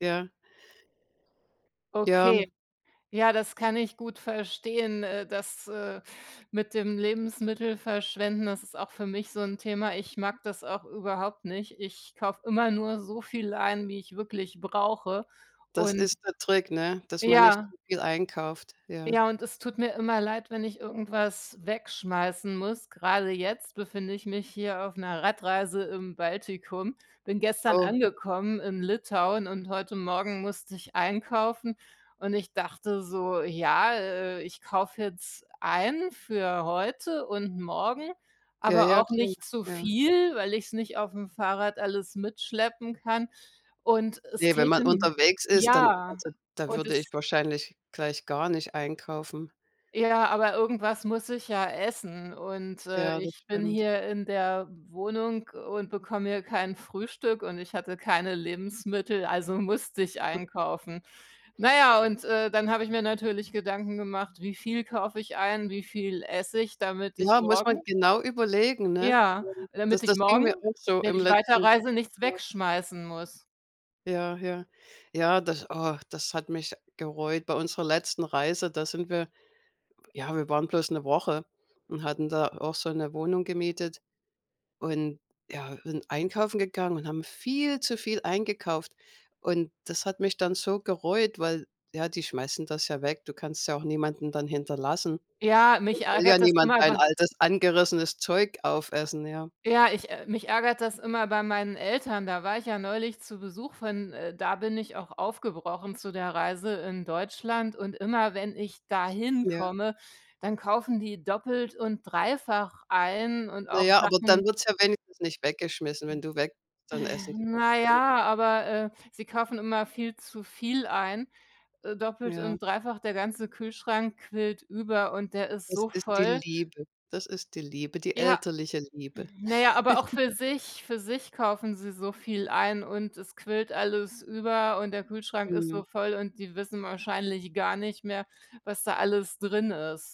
Ja. Ja. Okay. Ja, das kann ich gut verstehen, äh, das, äh, mit dem Lebensmittel verschwenden, das ist auch für mich so 'n Thema. Ich mag das auch überhaupt nicht. Ich kaufe immer nur so viel ein, wie ich wirklich brauche Das und ist der Trick, ne, dass man nicht Ja. zu viel einkauft, ja. Ja, und es tut mir immer leid, wenn ich irgendwas wegschmeißen muss. Grade jetzt befinde ich mich hier auf 'ner Radreise im Baltikum. Bin gestern Oh. angekommen in Litauen, und heute Morgen musste ich einkaufen, und ich dachte so: „Ja, äh, ich kaufe jetzt ein für heute und morgen, Ja, aber ja, auch klar, nicht zu ja. viel, weil ich's nicht auf'm Fahrrad alles mitschleppen kann.“ Und es Ne, wenn täte man n unterwegs ist, dann Ja, also, da und würde ich es wahrscheinlich gleich gar nicht einkaufen. Ja, aber irgendwas muss ich ja essen. Und, äh, Ja, das ich bin stimmt. hier in der Wohnung und bekomme hier kein Frühstück und ich hatte keine Lebensmittel, also, musste ich Hm. einkaufen. Na ja, und, äh, dann habe ich mir natürlich Gedanken gemacht: „Wie viel kaufe ich ein, wie viel esse ich, damit ich Ja, muss man morgen“ genau überlegen, ne? Ja, damit Das ich das ging morgen, mir auch so wenn im ich letzten weiterreise, nichts Ja. wegschmeißen muss. Ja, ja. Ja, das oh, das hat mich gereut. Bei unserer letzten Reise, da sind wir ja, wir waren bloß 'ne Woche und hatten da auch so 'ne Wohnung gemietet. Und, ja, sind einkaufen gegangen und haben viel zu viel eingekauft. Und das hat mich dann so gereut, weil, ja, die schmeißen das ja weg. Du kannst es ja auch niemanden dann hinterlassen. Ja, mich Will ja ärgert das niemand immer dein bei altes, angerissenes Zeug aufessen, ja. Ja, ich ä mich ärgert das immer bei meinen Eltern. Da war ich ja neulich zu Besuch von, äh, da bin ich auch aufgebrochen zu der Reise in Deutschland. Und immer, wenn ich da hin Ja. komme, dann kaufen die doppelt und dreifach ein und Na auch ja, aber Sachen dann wird's ja wenigstens nicht weggeschmissen. Wenn Äh, du weg bist, dann essen die na bestimmt. ja, aber, äh, sie kaufen immer viel zu viel ein, äh, doppelt Ja. und dreifach. Der ganze Kühlschrank quillt über und der ist Es so ist die voll Liebe, das ist die Liebe, die Ja. elterliche Liebe. Hm, na ja, aber auch für sich für sich kaufen sie so viel ein, und es quillt alles über, und der Kühlschrank ist Mhm. so voll, und die wissen wahrscheinlich gar nicht mehr, was da alles drin ist.